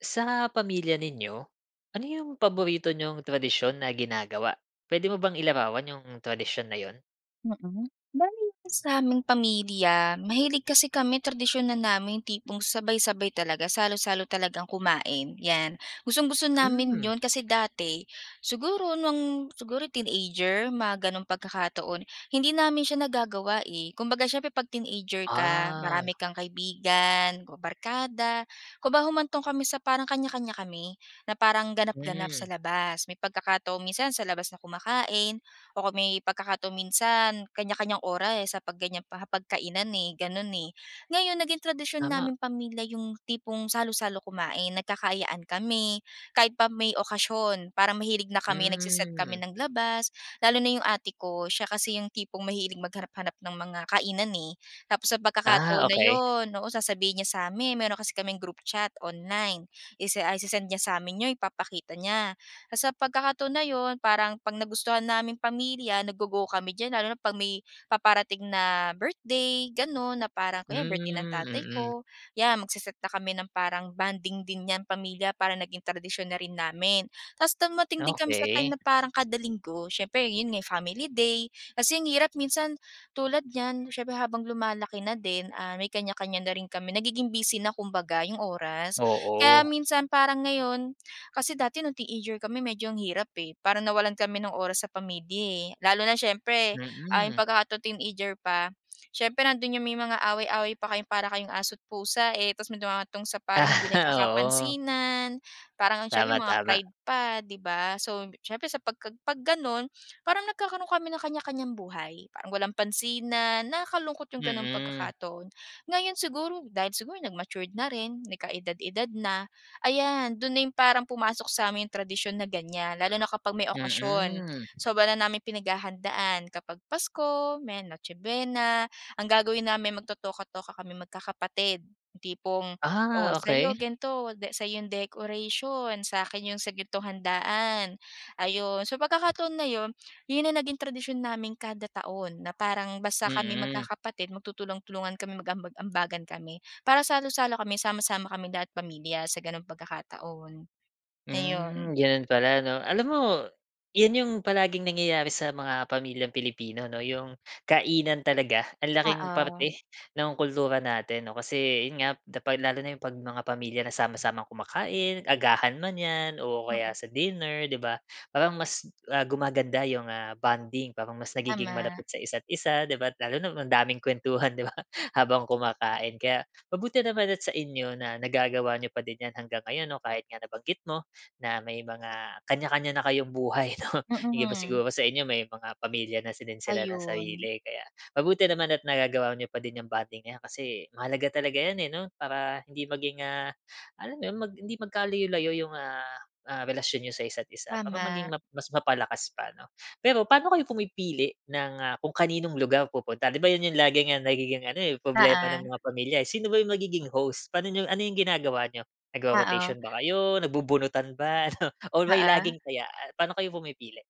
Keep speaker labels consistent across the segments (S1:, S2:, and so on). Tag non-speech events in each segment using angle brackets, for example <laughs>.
S1: Sa pamilya ninyo, ano yung paborito niyong tradisyon na ginagawa, pwede mo bang ilarawan yung tradisyon na yun?
S2: Mm. Bale sa aming pamilya mahilig kasi kami tradisyon na namin tipong sabay-sabay talaga, salo-salo talagang kumain 'yan. Gustong-gusto namin
S1: Hmm.
S2: 'yon kasi dati siguro nung siguro teenager mga gano'ng pagkakataon, hindi namin siya nagagawa eh. Kumbaga siyempre 'pag teenager ka,
S1: Ah.
S2: marami kang kaibigan o barkada. Kumbaga humantong kami sa parang kanya-kanya kami, na parang ganap-ganap sa
S1: Hmm.
S2: labas. May pagkakataon minsan sa labas na kumakain o kung may pagkakataon minsan kanya-kanyang oras sa 'pag ganyang hapagkainan, eh, ganun, eh. Ngayon naging tradisyon
S1: Tama.
S2: naming pamilya yung tipong salo-salo kumain nagkakaayaan kami kahit pa may okasyon para mahilig na kami nagse-set kami
S1: Mm.
S2: ng labas, lalo na yung ate ko siya kasi yung tipong mahilig maghanap-hanap ng mga kainan eh. Tapos sa
S1: Ah
S2: pagkakataon na
S1: okey.
S2: yun, oo sasabihin niya sa amin. Meron kasi kaming group chat online ise ah, ise-send niya sa amin yun, ipapakita niya. Sa pagkakataon na yun, parang 'pag nagustuhan naming pamilya naggo-go kami diyan lalo na 'pag may paparating na birthday gano'n na parang kunwari birthday ng
S1: Hmm,
S2: tatay
S1: mm.
S2: ko, yan magse-set na kami ng parang bonding din 'yan pamilya para naging tradisyon na rin namin. Tas dumating din kami sa
S1: Okey.
S2: time na parang kada Linggo, siyempre yun nga family day kasi ang hirap minsan tulad niyan siyempre habang lumalaki na din, ah, may kanya-kanya na rin kami nagiging busy na kumbaga yung oras. Kaya,
S1: Oo.
S2: minsan parang ngayon kasi dati noong teenager kami medyo ang hirap eh, parang nawalan kami ng oras sa pamilya eh, lalo na siyempre, ah, yung
S1: Mm.
S2: pagka tu teenager pa. Siyempre nandoon yung may mga away-away pa kayo para kayong aso't pusa eh, tas mayrong humahantong sa parang hindi
S1: Aha, oo.
S2: nagkakapansinan parang ang siyempre
S1: Tama,
S2: mga
S1: tama.
S2: pride pa, 'di ba. So, siyempre sa 'pagka 'pag gano'n parang nagkakaroon kami ng kanya-kanyang buhay, parang walang pansinan, nakakalungkot yung gano'n
S1: Mm.
S2: pagkakataon. Ngayon siguro dahil siguro nag-matured na rin nagkaedad-edad na, ayan do'n na yung parang pumasok sa amin yung tradisyon na ganyan lalo na kapag may okasyon.
S1: Mm.
S2: Sobra na naming pinaghahandaan kapag Pasko, may Noche buena. Ang gagawin namin magtotoka-toka kaming magkakapatid, yung tipong o
S1: Ah,
S2: sa'yo
S1: okey.
S2: gan'to, sa'yo yung decoration, sa akin yung sa gan'tong handaan, ayun. Sa pagkakataon na 'yon yun ang naging tradisyon namin kada taon na parang basta kami
S1: Mm.
S2: magkakapatid magtutulong-tulungan kami mag-aambag-ambagan kami para salo-salo kami, sama-sama kaming lahat pamilya sa gano'ng pagkakataon. Ayun.
S1: Hmm, ganun pala 'no. Alam mo, 'yan yung palaging nangyayari sa mga pamilyang Pilipino 'no, yung kainan talaga ang laking
S2: Oo.
S1: parte ng kultura natin 'no, kasi yun nga da pag lalo na yung 'pag mga pamilya na sama-samang kumakain agahan man 'yan o kaya
S2: Mm.
S1: sa dinner, 'di ba. Parang mas, ah, gumaganda 'yong bonding, parang mas nagiging
S2: Tama.
S1: malapit isa't-isa, 'di ba. Lalo na ang daming kuwentuhan, 'di ba, habang kumakain. Kaya mabuti naman at sa inyo na nagagawa n'yo pa din 'yan hanggang ngayon 'no, kahit nga nabanggit mo na may mga kanya-kanya na kayong buhay 'no. Hindi ba
S2: Mm.
S1: siguro sa inyo may mga pamilya na si din sila ng
S2: Ayun.
S1: sarili. Kaya, mabuti naman at nagagawa n'yo pa din 'yong bonding na 'yan kasi mahalaga talaga 'yan eh 'no, para hindi maging, ah, alam mo yun, mag hindi magkalayo-layo yung, ah, ah, relasyon niyo sa isa't isa, para maging
S2: Tama.
S1: map mas mapalakas pa ano. Pero paano kayo pumipili ng, ah, kung kaninong lugar pupunta 'di ba 'yon 'yong laging nagiging ano eh problema ng
S2: Oo.
S1: mga pamilya? Sino ba 'yong magiging host, paano 'yong ano 'yong ginagawa n'yo nagro-rotation
S2: Oo.
S1: ba kayo, nagbubunutan ba, ano? Or may
S2: Oo.
S1: laging taya, paano kayo pumipili?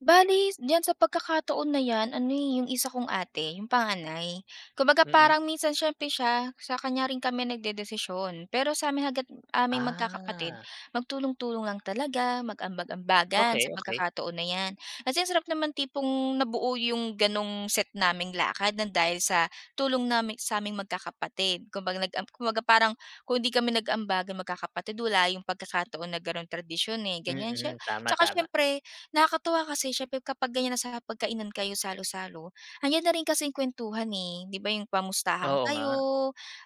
S2: Bale diyan sa pagkakataon na 'yan ano eh, yung isa kong ate yung panganay, kumbaga
S1: Mm.
S2: parang minsan siyempre siya sa kanya rin kami nagdedesisyon. Pero sa'min hangga't aming magkakapatid
S1: Ah.
S2: magtulong-tulong lang talaga mag-ambag-ambagan
S1: Okey,
S2: sa
S1: okey.
S2: pagkakataon na 'yan. Kasi ang sarap naman tipong nabuo yung gano'ng set naming lakad ng dahil sa tulong naming sa'ming magkakapatid. Kumbaga nag am kumbaga parang kung 'di kami nag-ambagan magkakapatid wala yung pagkakataon na gano'n tradisyon eh, ganyan. Siye
S1: Mm, tama,
S2: tsaka
S1: tama.
S2: siyempre nakakatuwa kasi siyempre kapag ganyan na sa hapagkainan kayo salo-salo, nandiyan na rin kasing kuwentuhan eh. 'Di ba yung kamustahan
S1: Oo
S2: kayo
S1: nga.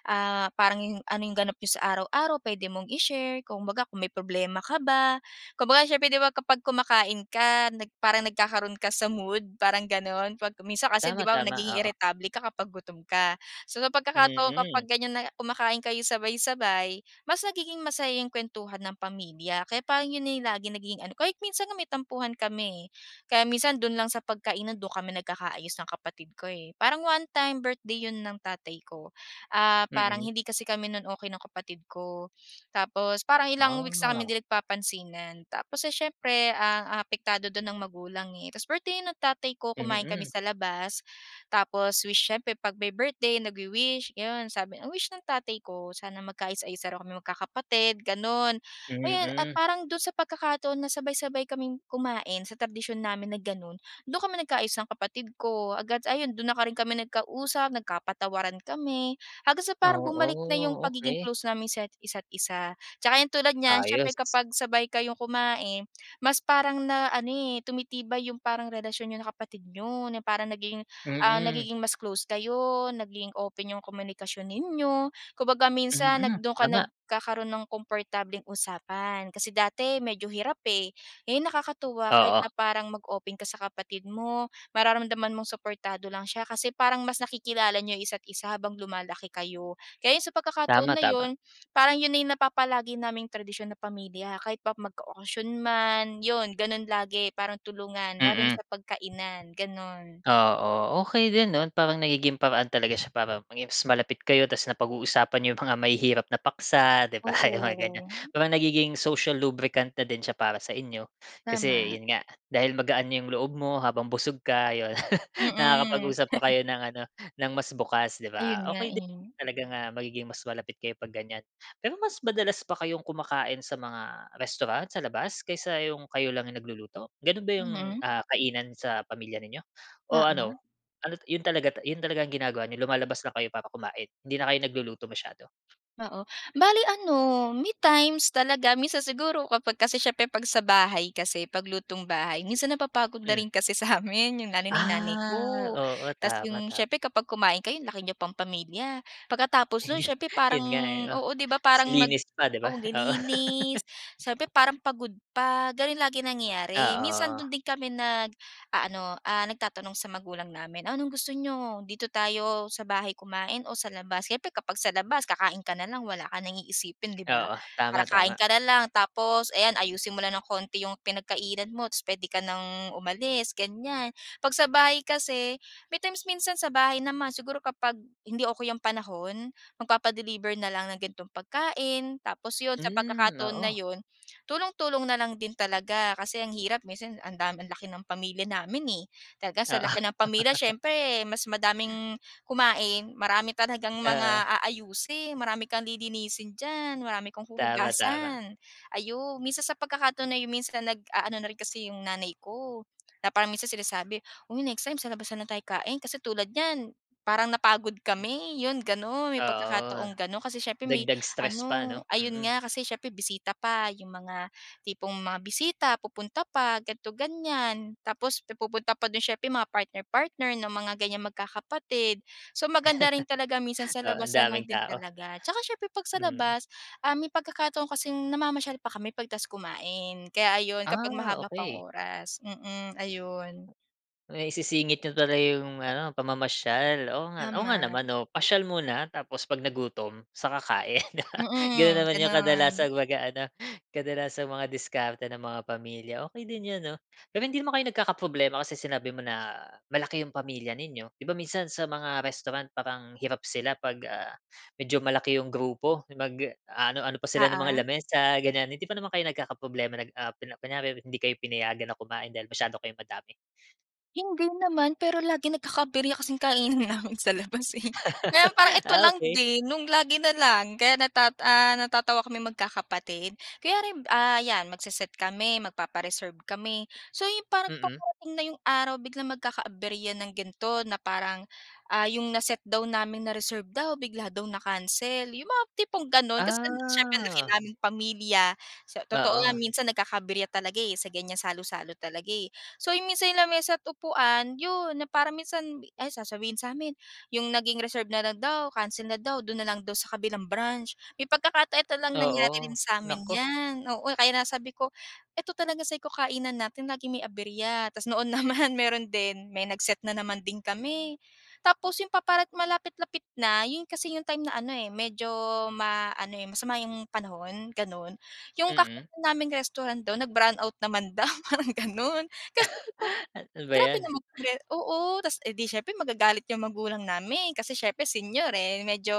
S2: ah, parang yung, ano yung ganap n'yo sa araw-araw puwede mong i-share. Kumbaga kung may problema ka ba, kumbaga siyempre kapag kumakain ka nag parang nagkakaroon ka sa mood parang gano'n. 'Pag minsan kasi 'di
S1: Tama,
S2: ba
S1: tama,
S2: nagiging
S1: oo.
S2: iritable ka kapag gutom ka. So sa pagkakataon kapag
S1: Mm.
S2: ganyan na kumakain kayo sabay-sabay, mas nagiging masaya yung kuwentuhan ng pamilya kaya parang yun na lagi nagiging ano ko. Kahit minsan may tampuhan kami eh. Kaya minsan dun lang sa pagkainan do'n kami nagkakaayos ng kapatid ko eh. Parang one time birthday 'yon ng tatay ko, ah, parang
S1: Mm.
S2: hindi kasi kami no'n okey ng kapatid ko. Tapos parang ilang weeks na kami
S1: Ah.
S2: hindi nagpapansinan, tapos, eh, siyempre, ah, ang apektado dun ang magulang eh, tapos birthday no'n ng tatay ko kumain kami
S1: Mm.
S2: sa labas. Tapos wish siyempre 'pag may birthday nagwi-wish yun sabi. Ang wish ng tatay ko sana magkaayos-ayos daw kaming magkakapatid, gano'n. Ayun, at
S1: Mm.
S2: parang do'n sa pagkakataon na sabay-sabay kaming kumain sa tradisyon namin na gano'n, do'n kami nagkaayos ng kapatid ko, agad ayun do'n na rin kami nagka-usap nagkapatawaran kami. Hanggang sa parang bumalik na yung
S1: Oo,
S2: pagiging
S1: okey.
S2: close namin sa isa't isa. Tsaka ayan tulad niyan
S1: Ayos.
S2: siyempre kapag sabay kayong kumain mas parang na ano eh, tumitibay yung parang relasyon niyo ng kapatid niyo, parang nagiging, ah,
S1: Mm.
S2: nagiging mas close kayo, nagiging open yung komunikasyon ninyo. Kumbaga minsan nag
S1: Mm,
S2: do'n ka
S1: tama.
S2: nagkakaroon ng komportableng usapan. Kasi dati medyo hirap eh, ngayon nakakatuwa kahit
S1: Oo.
S2: na parang mag-open ka sa kapatid mo mararamdaman mong suportado lang siya kasi parang mas nakikilala niyo isa't isa habang lumalaki kayo. Kaya 'yon, sa pagkakataon
S1: Tama,
S2: na
S1: tama.
S2: yun, parang yun na yung napapalagi naming tradisyon na pamilya kahit pa magka-okasyon man, yun gano'n lagi parang tulungan lalo na
S1: Mm.
S2: sa 'pag kainan, gano'n.
S1: Oo, okey din 'no. Parang nagiging paraan talaga siya para maging mas malapit kayo tas napag-uusapan n'yo 'yong mga mahihirap na paksa 'di ba mga ganyan
S2: Oo.
S1: parang nagiging social lubricant na din siya para sa inyo. Kasi
S2: Tama.
S1: 'yon nga dahil magaan na 'yong loob mo habang busog ka, ayun, <laughs>
S2: Mm.
S1: nakakapag-usap pa
S2: <chuckles>
S1: kayo ng ano, ng mas bukas, 'di
S2: Ayun
S1: ba.
S2: nga
S1: Okey din
S2: eh.
S1: talaga nga magiging mas malapit kayo 'pag ganyan. Pero mas madalas ba kayong kumakain sa mga restaurant, sa labas kaysa yung kayo lang yung nagluluto, gano'n ba yung,
S2: Mm.
S1: ah, kainan sa pamilya ninyo? O
S2: Oo.
S1: ano, ano't 'yon talaga, yun talaga ang ginagawa ninyo lumalabas lang kayo para kumain, hindi na kayo nagluluto masyado?
S2: Oo, bale ano may times talaga minsan siguro kapag kasi siyempre 'pag sa bahay kasi paglutong bahay minsan napapagod na
S1: Mm.
S2: rin kasi sa amin, yung lalo na yung nanay
S1: Ah,
S2: ko.
S1: oo,
S2: Tas
S1: tama,
S2: yung
S1: tama.
S2: siyempre kapag kumain kayo anlaki niyong pang pamilya. Pagkatapos nun,
S1: Ayu
S2: siyempre
S1: yun
S2: parang
S1: nga eh, oh,
S2: oo, 'di ba
S1: tas
S2: parang mag
S1: linis pa, 'di ba? Oo.
S2: maglilinis
S1: <laughs>
S2: siyempre parang pagod pa, gano'n lagi nangyayari. Minsan
S1: Oo.
S2: do'n din kami nag-aano ah, nagtatanong sa magulang namin, "Anong gusto n'yo, dito tayo sa bahay kumain o sa labas?" Siyempre kapag sa labas kakain ka na lang, wala ka nang iisipin, 'di ba,
S1: Oo. Tama,
S2: para kain
S1: tama.
S2: ka na lang tapos ayan ayusin mo lang ng konti yung pinagkainan mo tapos puwede ka nang umalis ganyan. 'Pag sa bahay kasi may times minsan sa bahay naman siguro kapag hindi okey yung panahon magpapa-deliver na lang ng gan'tong pagkain, tapos 'yon sa
S1: Hmm,
S2: pagkakataon na
S1: oo.
S2: 'yon, tulong-tulong na lang din talaga. Kasi ang hirap minsan ang dami, ang laki ng pamilya namin eh. Talaga sa
S1: Oo.
S2: laki ng pamilya,
S1: <laughs>
S2: siyempre mas madaming kumain, marami talagang
S1: Oo.
S2: mga aayusin, marami kang lilinisin diyan, marami kang
S1: Tama, tama.
S2: huhugasan, ayun. Minsan sa pagkakataon na yung minsan nag-aano na rin kasi yung nanay ko na parang minsan sinasabi, "Uy next time sa labas na lang tayo kain", kasi tulad niyan parang napagod kami 'yon gano'n. May
S1: Oo.
S2: pagkakataong gano'n kasi siyempre may
S1: Dagdag stress pa
S2: ano,
S1: ano,
S2: ayun
S1: mm.
S2: nga kasi siyempre bisita pa yung mga tipong mga bisita pupunta pa ganito, ganyan. Tapos pupunta pa do'n siyempre mga partner-partner ng mga ganyang magkakapatid. So maganda rin talaga minsan
S1: <laughs>
S2: sa
S1: Oo ang
S2: labas na
S1: daming
S2: lang din
S1: tao.
S2: talaga at saka siyempre 'pag sa
S1: Mm.
S2: labas, ah, may pagkakataon kasing namamasyal pa kami pagkatapos kumain. Kaya ayun kapag
S1: Ah,
S2: mahaba pang
S1: okey.
S2: oras, mm ayun.
S1: Maisisingit niyo pala 'yong ano pamamasyal, oo nga, oo nga
S2: Tama.
S1: naman. Oo pasyal muna, tapos 'pag nagutom, sa kakain. <laughs> Gano'n
S2: Mm,
S1: naman 'yong
S2: gano'n.
S1: kadalasang mag-aano, kadalasang mga diskarte ng mga pamilya. Okey din 'yan 'no, pero hindi naman kayo nagkakaproblema kasi sinabi mo na malaki 'yong pamilya ninyo, 'di ba minsan sa mga restaurant parang hirap sila 'pag, ah, medyo malaki 'yong grupo, mag aano ano pa sila ng mga
S2: Oo?
S1: lamis sa ganyan. Hindi pa naman kayo nagkakaproblema nag ah apel kunyari hindi kayo pinayagan na kumain dahil masyado kayong madami?
S2: Hindi naman pero lagi nagkaka-aberya kasing kainan namin sa labas eh. Ngayon, parang ito
S1: Ah,
S2: lang
S1: okey.
S2: din, nung lagi na lang, kaya natat ah, natatawa kami magkakapatid. Kaya rin, ah yan, magse-set kami, magpapa-reserve kami. So, yung parang
S1: Mm.
S2: paparating na yung araw, biglang magkaka-aberya ng gan'to na parang, ah, yung na-set daw namin, na-reserve daw, bigla daw na-cancel. Yung mga tipong ganon kasi siyempre ang laki
S1: Ah.
S2: naming pamilya. Sa totoo nga,
S1: Oo.
S2: minsan nagkaka-aberya talaga eh, sa ganyan salo-salo talaga eh. So, yung minsan lamesa't upuan, 'yon, na parang minsan, ay sasabihin sa amin yung naging reserve na lang daw, cancel na daw, do'n na lang daw sa kabilang branch. May pagkakata eto lang nangyari rin
S1: Oo.
S2: samin
S1: Naku.
S2: 'yan, oo, kaya nga sabi ko, ito talaga sabi ko, "Kainan natin laging may aberya." Tapos noon naman, meron din. May nag-set na naman din kami. Tapos yung paparat malapit-lapit na, yun kasi yung time na ano eh, medyo, ma ano eh, masama yung panahon, ganon. Yung
S1: Mm.
S2: kakainan naming restaurant do'n, nag-brownout naman daw, parang ganon. Kaya sabi ko,
S1: Ano ba
S2: "Grabe
S1: 'yan?
S2: naman re oo, tapos edi siyempre magagalit yung magulang namin, kasi siyempre senior eh medyo,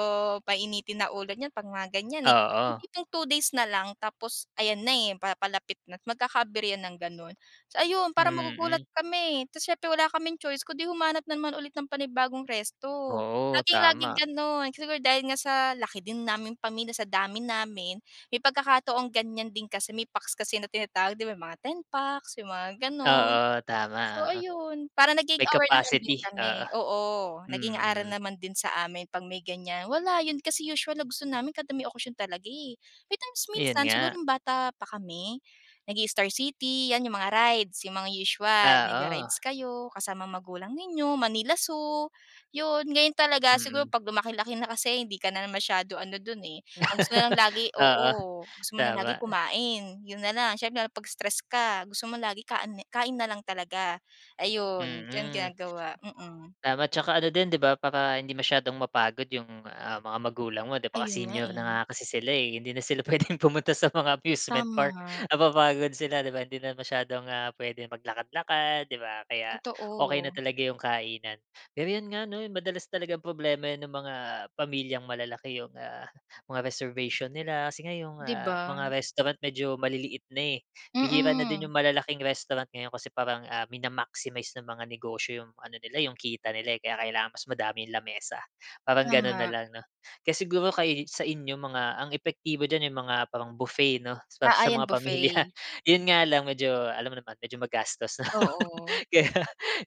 S2: painitin na ulo niyan 'pag mga ganyan eh. Yung
S1: Oo.
S2: tipong two days na lang, tapos ayan na eh, papalapit na't magkaka-aberya ng ganon. So, ayon parang magugulat
S1: Mm.
S2: kami. Tapos siyempre, wala kaming choice kung 'di humanap na naman ulit ng panibagong resto.
S1: Oo,
S2: Lagi-laging
S1: tama.
S2: ganon. Siguro dahil nga sa laki din naming pamilya, sa dami namin, may pagkakataong ganyan din kasi, may packs kasi na tinatawag 'di ba, mga ten packs, yung mga ganon.
S1: Oo. Tama,
S2: So,
S1: oo.
S2: ayon, parang naging
S1: May
S2: aware naman din
S1: capacity,
S2: kami,
S1: oo.
S2: oo, naging aral
S1: Mm.
S2: naman din sa amin, 'pag may ganyan. Wala, 'yon kasi usual na gusto namin kada may okasyon talaga eh. May times
S1: 'Yon
S2: minsan, siguro
S1: nga.
S2: nung bata pa kami, nag-i-Star City, 'yan, yung mga rides, yung mga usual,
S1: Oo.
S2: nagra-rides kayo kasama magulang ninyo, Manila Zoo, 'yon. Ngayon talaga
S1: Mm.
S2: siguro, 'pag lumaki-laki na kasi hindi ka na masyado ano don eh. Ang gusto mo na lang lagi oo,
S1: Oo,
S2: gusto mo na
S1: tama.
S2: lagi kumain, 'yon na lang. Siyempre lalo 'pag stress ka, gusto mo lagi kaan kain na lang talaga. Ayon, ganon
S1: Mm.
S2: ginagawa, mm.
S1: Tama, tsaka ano din 'di ba, para hindi masyadong mapagod yung, ah, mga magulang mo 'di ba, kasi
S2: Ayon nga
S1: senior na
S2: eh.
S1: nga kasi sila eh. Hindi na sila puwedeng pumunta sa mga amusement park,
S2: Tama.
S1: napapagod sila 'di ba? Hindi na masyadong, ah, puwedeng maglakad-lakad 'di ba. Kaya okey na
S2: Totoo.
S1: talaga yung kainan. Ganyan nga 'no, madalas talagang problema 'yan ng mga, pamilyang malalaki yung, ah, mga reservation nila. Kasi nga yung,
S2: 'Di
S1: ah,
S2: ba?
S1: mga restaurant medyo maliliit na eh. Bihira na din
S2: Mm.
S1: yung malalaking restaurant ngayon kasi parang, ah, mina-maximize ng mga negosyo yung ano nila eh, yung kita nila eh. Kaya kailangan mas madaming lamesa, parang gano'n na
S2: Tama.
S1: lang 'no. Kaya siguro kay sa inyo mga ang epektibo diyan, yung mga parang buffet 'no, sa
S2: Ah,
S1: sa
S2: ayan
S1: mga pamilya.
S2: buffet.
S1: Yun nga lang, medyo, alam mo naman, medyo magastos lang.
S2: Oo.
S1: Kaya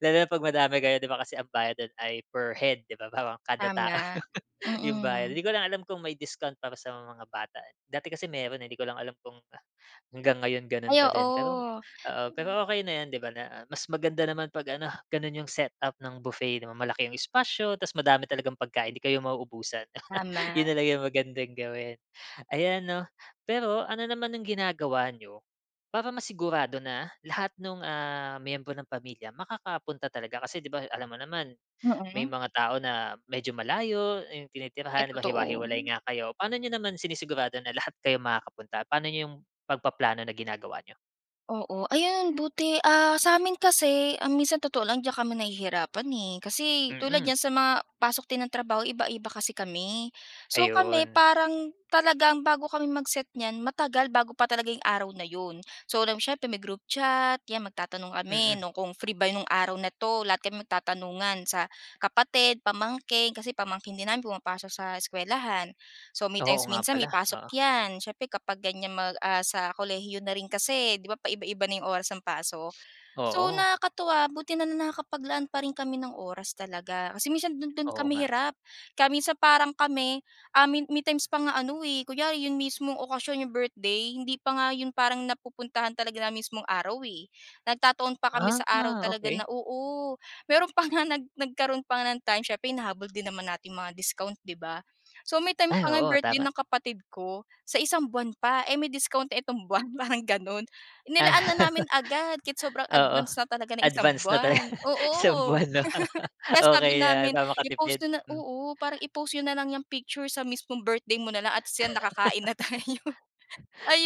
S1: lalo na 'pag madami kayo 'di ba. Kasi ang bayad do'n ay per head 'di ba, parang kada tao
S2: Tama.
S1: yung bayad.
S2: Mm.
S1: 'Di ko lang alam kung may discount para sa mga bata eh. Dati kasi meron eh, 'di ko lang alam kung hanggang ngayon gano'n
S2: Ay,
S1: pa din. Pero,
S2: oo.
S1: oo.
S2: <unintelligible>
S1: Pero okey na 'yan 'di ba na mas maganda naman 'pag ano, gano'n yung set-up ng buffet 'di ba. Malaki yung espasyo tapos madami talagang pagkain, 'di kayo mauubusan. <chuckles>
S2: Tama.
S1: 'Yon na lang yung magandang gawin, ayan 'no. Pero, ano naman ang ginagawa nyo, para masigurado na lahat nung, ah, miyembro ng pamilya, makakapunta talaga? Kasi 'di ba, alam mo naman, may
S2: Mm.
S1: mga tao na medyo malayo, yung
S2: Ay,
S1: tinitirahan 'di ba hiwa-hiwalay
S2: totoo.
S1: nga kayo. Paano n'yo naman sinisigurado na lahat kayo makakapunta? Paano n'yo yung pagpa-plano na ginagawa n'yo?
S2: Oo, ayan buti, ah, sa amin kasi, ah, minsan totoo lang diyan kami nahihirapan, eh, kasi tulad
S1: Mm.
S2: niyan sa mga pasok din ng trabaho iba-iba kasi kami. So, kami
S1: Ayun.
S2: parang talagang bago kami mag-set niyan matagal bago pa talaga 'yong araw na 'yon. So 'lam mo, siyempre may-group chat, 'yan magtatanong kami
S1: Mm.
S2: no'ng kung free ba nung araw na 'to? Lahat kami magtatanungan, sa kapatid, pamangkin, kasi pamangkin din namin pumapasok sa eskuwelahan. So may
S1: Oo
S2: times
S1: nga
S2: minsan
S1: pala,
S2: may pasok
S1: oo.
S2: 'yan, siyempre kapag ganyan mag ah, sa kolehiyo na rin kasi 'di ba paiba-iba na yung oras ng pasok. So
S1: Oo.
S2: nakakatuwa buti na nakakapaglaan pa rin kami ng oras talaga, kasi minsan do'n do'n
S1: Oo
S2: kami
S1: nga.
S2: hirap. Kaya minsan parang kami, ah, may may times pa nga ano eh, kunyari 'yong mismong okasyon 'yong birthday hindi pa nga 'yon, parang napupuntahan talaga ng mismong araw eh, nagtataon pa kami
S1: Ah,
S2: sa araw talaga
S1: okey.
S2: na oo. Mayro'n pa nga nag nagkaroon pa nga ng time siyempre hinahabol din naman natin mga discount 'di ba? So may time
S1: Ay,
S2: pa nga
S1: oo
S2: birthday
S1: tama.
S2: ng kapatid ko, sa isang buwan pa, eh, may discount itong buwan <chuckles> parang gano'n. Nilaan na namin agad, kahit sobrang
S1: Oo,
S2: advance na talaga ng isang
S1: advance na talaga.
S2: buwan,
S1: Isang
S2: oo.
S1: buwan 'no,
S2: <chuckles> Kaya
S1: okey
S2: sabi
S1: 'yan
S2: namin
S1: para makatipid.
S2: "I-post niyo na,
S1: Hmm.
S2: oo, parang i-post niyo na lang 'yang picture sa mismong birthday mo na lang at siya makakain na tayo,"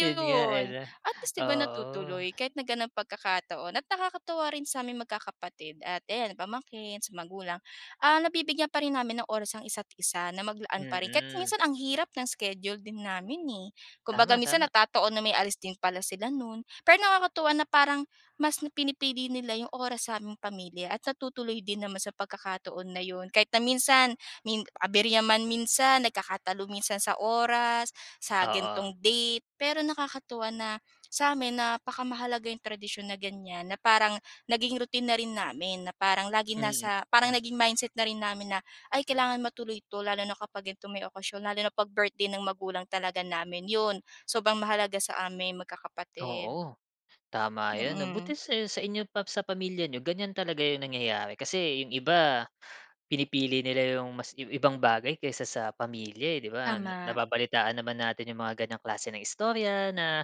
S1: Yun nga eh, 'no?
S2: At least 'di ba,
S1: Oo.
S2: natutuloy kahit na ganyang pagkakataon at nakakatuwa rin sa aming magkakapatid at ayan pamangkin sa magulang, ah, nabibigyan pa rin namin ng oras ang isa't-isa na maglaan pa rin. Kahit
S1: Mm.
S2: minsan ang hirap ng schedule din namin, eh. Kumbaga
S1: Tama,
S2: minsan
S1: tama.
S2: natataon na may alis din pala sila no'n. Pero nakakatuwa na parang mas pinipili nila 'yong oras sa aming pamilya at natutuloy din naman sa pagkakataon na 'yon. Kahit na minsan min abirya man minsan, nagkakatalo minsan sa oras, sa
S1: Oo.
S2: ganitong date, pero nakakatuwa na sa amin napaka mahalaga 'yong tradisyon na ganyan na parang naging routine na rin namin na parang laging
S1: Mm,
S2: nasa
S1: hmm.
S2: parang naging mindset na rin namin na ay kailangan matuloy ito, lalo na kapag gantong may okasyon lalo na pag birthday ng magulang talaga namin. 'Yon sobrang mahalaga sa amin magkakapatid.
S1: Oo, tama yun 'no.
S2: Mm.
S1: Buti sa sa inyo pa sa pamilya n'yo ganyan talaga yung nangyayari, kasi 'yong iba pinipili nila 'yong maski ibang bagay kaysa sa pamilya, eh. 'Di ba,
S2: Tama.
S1: nababalitaan naman natin 'yong mga ganyang klase ng istorya na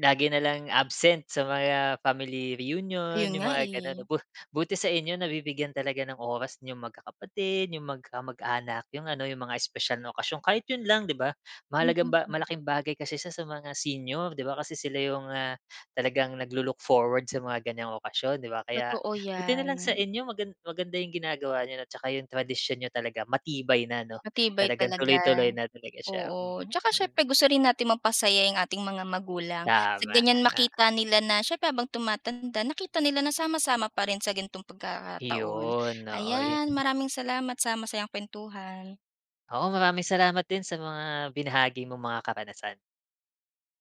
S1: lagi na lang absent sa mga family reunion,
S2: Ayun
S1: 'yong
S2: nga,
S1: mga gano'n.
S2: eh.
S1: Bu buti sa inyo nabibigyan talaga ng oras niyong magkakapatid, 'yong mag mag-anak, 'yong ano 'yong mga espesyal na okasyon kahit yun lang 'di ba? Mahalagang ba malaking bagay kasi siya sa mga senior 'di ba, kasi sila yung, ah, talagang naglo-look forward sa mga ganyang okasyon 'di ba? Kaya
S2: Totoo
S1: buti na lang sa
S2: 'yan.
S1: inyo magan maganda yung ginagawa n'yo 'no, 'tsaka yung tradisyon niyo talaga matibay na ano
S2: Matibay
S1: talagang
S2: talaga,
S1: tuloy-tuloy na talaga siya,
S2: oo. Tsaka
S1: mm.
S2: siyempre gusto rin natin mapasaya 'yong ating mga magulang sa
S1: Tama.
S2: ganyan
S1: <chuckles> Oo.
S2: makita nila na siyempre, habang tumatanda nakita nila na sama-sama pa rin sa ganitong pagkataon.
S1: Yun, oo eh.
S2: Ayan, maraming salamat sa masayang kuwentuhan.
S1: Oo ,maraming salamat din sa mga binahagi mong mga karanasan.